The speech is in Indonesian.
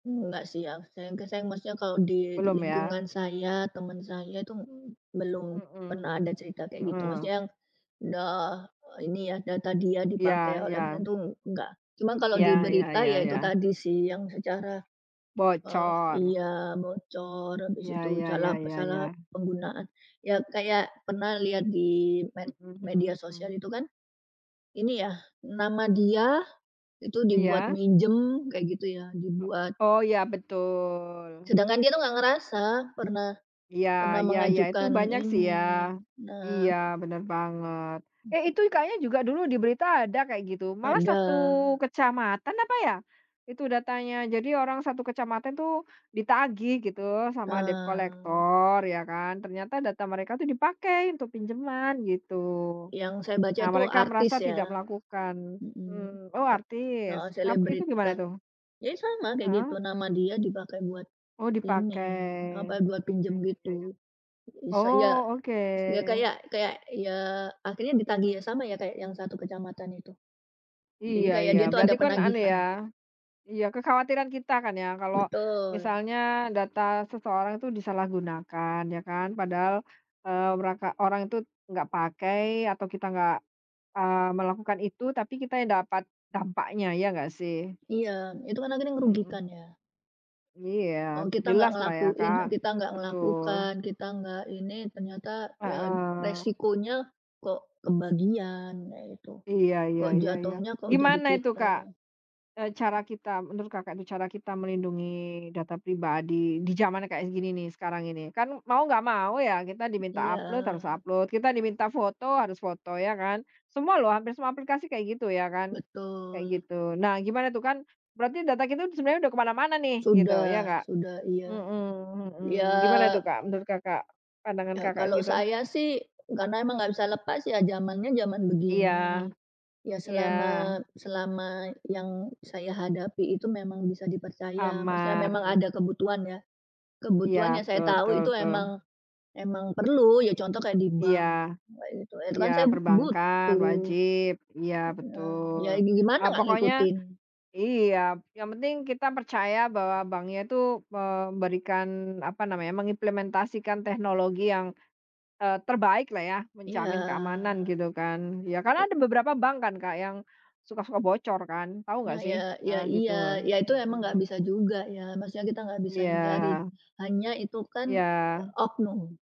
Enggak sih, yang saya maksudnya kalau di Belum ya. lingkungan saya, teman saya itu m belum Mhm, pernah ada cerita kayak gitu, heeh. maksudnya yang udah ini ya, data dia Iya, dipakai oleh ya. orang itu, enggak. Cuma kalau di Ya ya berita ya ya itu ya. tadi sih yang secara, eee Bocor. iya bocor, habis Iya, itu ya ya salah ya salah ya. penggunaan, ya kayak pernah lihat di med Mhm media mhm sosial mhm. itu kan. Ini ya ,nama dia itu dibuat Iya. minjem, kayak gitu ya, dibuat, O oh ya, betul. sedangkan dia itu enggak ngerasa pernah, Iya, pernah ya ya, itu mengajukan banyak sih ya. ini. Nah. Iya, benar banget. Eh itu kayaknya juga dulu di berita ada kayak gitu, malah Ada. 1 kecamatan, apa ya, itu datanya, jadi orang 1 kecamatan tuh, ditagih gitu sama debt Eee. collector ya kan, ternyata data mereka itu dipakai untuk pinjaman gitu. Yang saya baca Nah itu mereka artis merasa ya. tidak melakukan, Mhm. mmm. Oh Ta artis, heeh, ap itu gimana selebrita, itu? ya sama kayak gitu, Heeh. nama dia dipakai buat Oh ini, dipakai, apa, buat ya ya pinjam ya ya. gitu. Isa iya, Oh, oke. ya kayak kayak ya akhirnya ditagih sama ya, kayak yang 1 kecamatan itu. Jadi Iya kayak iya dia itu berarti ada kan anu penagihan. ya, iya kekhawatiran kita kan ya kalau Betul. misalnya data seseorang itu disalahgunakan, ya kan, padahal, eee, meraka orang itu nggak pakai atau kita nggak, eee, melakukan itu, tapi kita yang dapat dampaknya ya nggak sih? Iya, itu kan akhirnya ngerugikan Mhm. ya. Iya. E kita nggak Jelas lah ya ngelakuin, Kak, kita nggak betul. melakukan, kita nggak ini, ternyata ya Heeh. resikonya kok kebagian ya itu, Iya, ya kok ya ya. jatuhnya kok jadi Gimana itu kita. Kak? E cara kita, menurut Kakak itu, cara kita melindungi data pribadi di zaman kayak gini nih, sekarang ini. Kan mau nggak mau ya, kita diminta Iya. upload, harus upload, kita diminta foto harus foto, ya kan, semua loh hampir semua aplikasi kayak gitu ya kan, kayak Betul. gitu. Nah gimana tuh kan berarti data kita sebenarnya udah kemana-mana nih, gitu, ya Sudah, nggak? sudah, iya. Mhm mhm, Ya gimana itu Kak, menurut Kakak, pandangan ya Kakak kalau gitu? saya sih karena emang nggak bisa lepas ya zamannya zaman Iya, begini. Ya iya. selama, selama yang saya hadapi itu memang bisa dipercaya, maksudnya memang Aman. ada kebutuhan ya, Iya kebutuhan yang saya betul tahu betul itu betul. emang, emang perlu, ya contoh kayak di Iya, bank, e itu, e itu iya kan saya perbankan, butuh. wajib. Iya Heeh, betul. ya gimana Eee, nggak pokoknya ngikutin. iya, yang penting kita percaya bahwa bank nya itu memberikan, apa namanya, mengimplementasikan teknologi yang, eee, terbaik lah ya, Iya. menjamin keamanan gitu kan. Ya karena ada beberapa bank kan Kak, yang suka-suka bocor kan, tahu nggak Nah sih? ya, ya Heeh gitu. iya. Ya itu emang nggak Mhm. bisa juga ya, maksudnya kita nggak bisa hindari, Iya. hanya itu, kan e Iya. oknum.